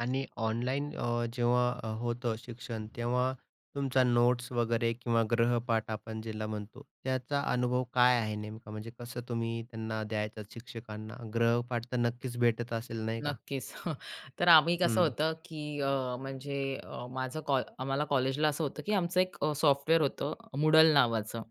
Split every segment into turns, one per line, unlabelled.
आणि ऑनलाईन अ, जेव्हा होतं शिक्षण, तेव्हा तुमच्या नोट्स वगैरे किंवा गृहपाठ आपण ज्याला म्हणतो त्याचा अनुभव काय आहे नेमका? म्हणजे कसं तुम्ही त्यांना द्यायचं शिक्षकांना? ग्रहपाठ तर नक्कीच भेटत असेल नाही का?
नक्कीच, तर आम्ही कसं
हं.
होतं, की अ, म्हणजे अ, माझं कॉ आम्हाला कॉलेजला असं होतं की आमचं एक अ, सॉफ्टवेअर होतं, मूडल नावाचं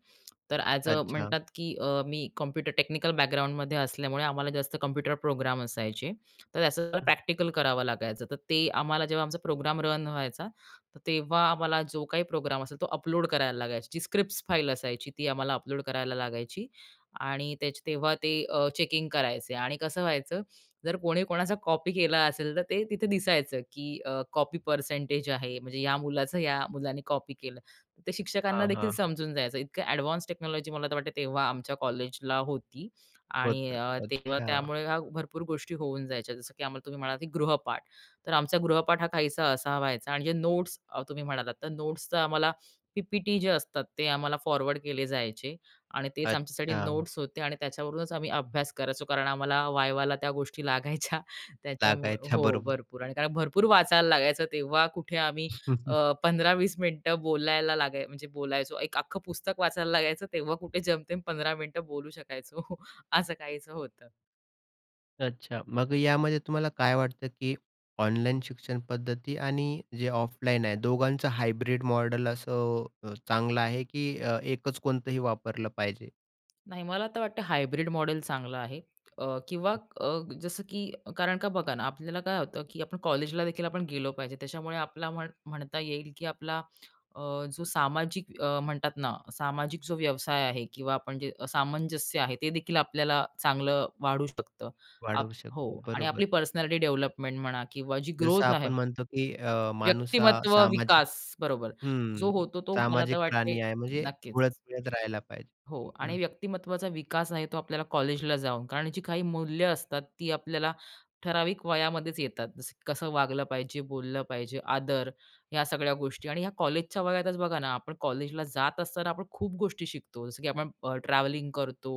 तर ॲज अ
अच्छा.
म्हणतात की अ, मी कॉम्प्युटर टेक्निकल बॅकग्राऊंडमध्ये असल्यामुळे आम्हाला जास्त कॉम्प्युटर प्रोग्राम असायचे, तर त्या
हं.
प्रॅक्टिकल करावं लागायचं. तर ते आम्हाला जेव्हा आमचा प्रोग्राम रन व्हायचा, तर तेव्हा आम्हाला जो काही प्रोग्राम असेल, तो अपलोड करायला लागायचा, जी स्क्रिप्ट्स फाइल असायची, ती आम्हाला अपलोड करायला लागायची. आणि त्याचं तेव्हा ते अ, चेकिंग करायचे, आणि कसं व्हायचं, जर कोणी कोणाचा कॉपी केला असेल, तर ते तिथे दिसायचं की अ, कॉपी पर्सेंटेज आहे, म्हणजे या मुलाचं या मुलाने कॉपी केलं. ते शिक्षकांना
हां,
देखील
हां, हां.
समजून जायचं. इतकं एडवान्स टेक्नॉलॉजी मला तर वाटते तेव्हा आमच्या कॉलेजला होती आणि
होतं.
अ, तेव्हा
अच्छा.
त्यामुळे भरपूर गोष्टी होऊन जायच्या. जसं की आम्हाला तुम्ही म्हणाला की गृहपाठ, तर आमचा गृहपाठ हा काहीसा असा व्हायचा आणि जे नोट्स अ, तुम्ही म्हणालात, तर नोट्स तर आम्हाला पी-पी-टी जे असतात, ते आम्हाला फॉरवर्ड केले जायचे आणि तेच आमच्यासाठी
अच्छा.
नोट्स होते आणि त्याच्यावरूनच आम्ही अभ्यास करायचो कारण आम्हाला वायवाला त्या गोष्टी लागायच्या त्याच्यामुळे
लागायच्या,
हो,
बरोबर.
भरपूर आणि भरपूर वाचायला लागायचं, तेव्हा कुठे आम्ही अं, 15-20 मिनिटं बोलायला लागाय म्हणजे बोलायचो, एक अख्खं पुस्तक वाचायला लागायचं, तेव्हा कुठे जेमतेम 15 मिनिटं बोलू शकायचो. असं काहीचं होतं.
अच्छा. मग यामध्ये तुम्हाला काय वाटतं, की ऑनलाईन शिक्षण पद्धती आणि जे ऑफलाईन आहे, दोघांचं हायब्रिड मॉडेल असं अ, चांगलं आहे, की अ, एकच कोणतंही वापरलं पाहिजे?
नाही मला तर वाटते हायब्रिड मॉडेल चांगलं आहे अ, किंवा
हं.
अ, जसं की कारण का बघा ना, आपल्याला काय होतं, की आपण कॉलेजला देखील आपण गेलो पाहिजे, त्याच्यामुळे आपला म्हण म्हणता येईल की आपला अ, जो सामाजिक अ, म्हणतात ना सामाजिक जो व्यवसाय आहे किंवा आपण जे सामंजस्य आहे ते देखील आपल्याला चांगलं वाढू शकतं आप
वाढवू
हो
शकतो.
आणि
बरोबर.
आपली पर्सनॅलिटी डेव्हलपमेंट म्हणा किंवा जी
जसं
ग्रोथ आहे
आपण म्हणतो की अ, माणूस हा
व्यक्तिमत्व
सामाजिक
विकास बरोबर.
हं.
जो होतो तो मला तर
सामाजिक
वाटते
प्राणी आहे. म्हणजे
नक्कीच.
वळत-वळत राहायला पाहिजे.
हो आणि
हं.
व्यक्तिमत्वाचा विकास आहे तो आपल्याला कॉलेजला जाऊन, कारण जी काही मूल्य असतात, ती आपल्याला ठराविक वयामध्येच येतात. जसं, कसं वागलं पाहिजे, बोललं पाहिजे, आदर, ह्या सगळ्या गोष्टी आणि ह्या कॉलेजच्या वयातच बघा ना, आपण कॉलेजला जात असताना आपण खूप गोष्टी शिकतो. जसं की आपण ट्रॅव्हलिंग करतो,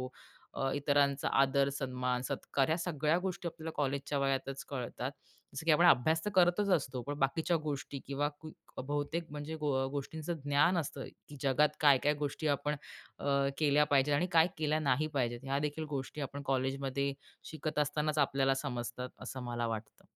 अ, इतरांचा आदर, सन्मान, सत्कार, या सगळ्या गोष्टी आपल्याला कॉलेजच्या वयातच कळतात. जसं की आपण अभ्यास तर करतच असतो, पण बाकीच्या गोष्टी किंवा बहुतेक म्हणजे गो गोष्टींचं ज्ञान असतं, की जगात काय-काय गोष्टी आपण अ, केल्या पाहिजेत आणि काय केल्या नाही पाहिजेत, ह्या देखील गोष्टी आपण कॉलेजमध्ये शिकत असतानाच आपल्याला समजतात, असं मला वाटतं.